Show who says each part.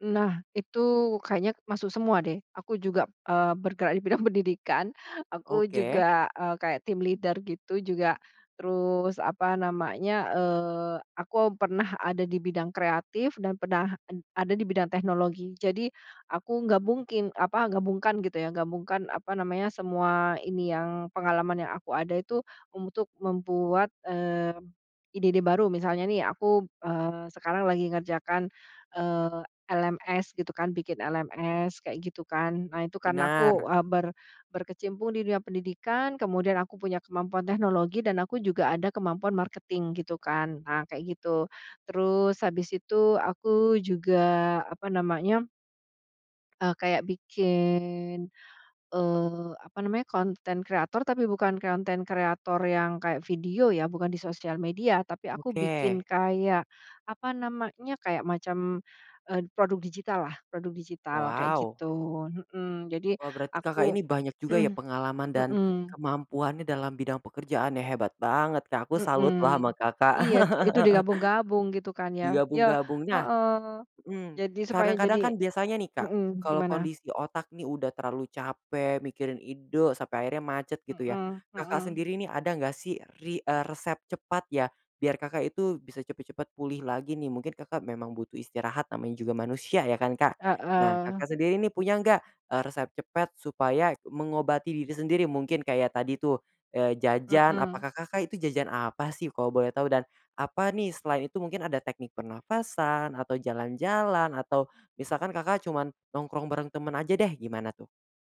Speaker 1: Nah, itu kayaknya masuk semua deh, aku juga, eee, bergerak di bidang pendidikan, aku
Speaker 2: Oke.
Speaker 1: juga, eee, kayak team leader gitu juga, terus apa namanya, eee, aku pernah ada di bidang kreatif dan pernah ad ada di bidang teknologi jadi aku gabungking apa gabungkan gitu ya, gabungkan apa namanya semua ini yang pengalaman yang aku ada itu untuk membuat, mmm, ide-ide baru, misalnya nih aku, eee, sekarang lagi ngerjakan, eee, LMS gitu kan bikin LMS kayak gitu kan. Nah, itu kan aku
Speaker 2: Benar.
Speaker 1: ber eee, berkecimpung di dunia pendidikan kemudian aku punya kemampuan teknologi dan aku juga ada kemampuan marketing gitu kan. Nah, kayak gitu, terus habis itu aku juga apa namanya eee, kayak bikin, eee, apa namanya konten kreator tapi bukan konten kreator yang kayak video ya, bukan di sosial media. Tapi aku bikin
Speaker 2: Oke.
Speaker 1: kayak, apa namanya, kayak macam, eee, produk digital lah, produk digital kayak
Speaker 2: Wow.
Speaker 1: gitu, hmm jadi
Speaker 2: Wah, berarti, Kakak
Speaker 1: aku
Speaker 2: ini banyak juga ya pengalaman dan
Speaker 1: mhm.
Speaker 2: kemampuannya dalam bidang pekerjaannya, hebat banget, Kak, aku
Speaker 1: Mhm.
Speaker 2: salut lah sama, Kakak.
Speaker 1: Iya tu itu digabung-gabung gitu kan ya.
Speaker 2: Di
Speaker 1: Ya
Speaker 2: gabung-gabungnya.
Speaker 1: heeh.
Speaker 2: Mhm.
Speaker 1: Jadi supaya
Speaker 2: Kadang-kadang
Speaker 1: jadi
Speaker 2: kan biasanya nih, Kak,
Speaker 1: mhm,
Speaker 2: kalo
Speaker 1: gimana?
Speaker 2: kondisi otak nih udah terlalu capek mikirin ide sampai akhirnya macet gitu ya,
Speaker 1: Mhm
Speaker 2: Kakak
Speaker 1: mhm.
Speaker 2: sendiri nih, ada nggak sih ri eee, resep cepat ya, biar Kakak, itu bisa cepet-cepet pulih lagi nih mungkin, Kakak, memang butuh istirahat namanya juga manusia ya kan, Kak. Nah,
Speaker 1: Heeh.
Speaker 2: Kakak sendiri nih punya enggak, eee, resep cepat supaya mengobati diri sendiri mungkin kayak tadi tuh, eee, jajan,
Speaker 1: Mhm.
Speaker 2: apakah, Kakak itu jajan apa sih, kalo boleh tahu dan apa nih selain itu mungkin ada teknik pernafasan atau jalan-jalan atau misalkan, Kakak cuman nongkrong bareng temen aja deh, gimana tuh?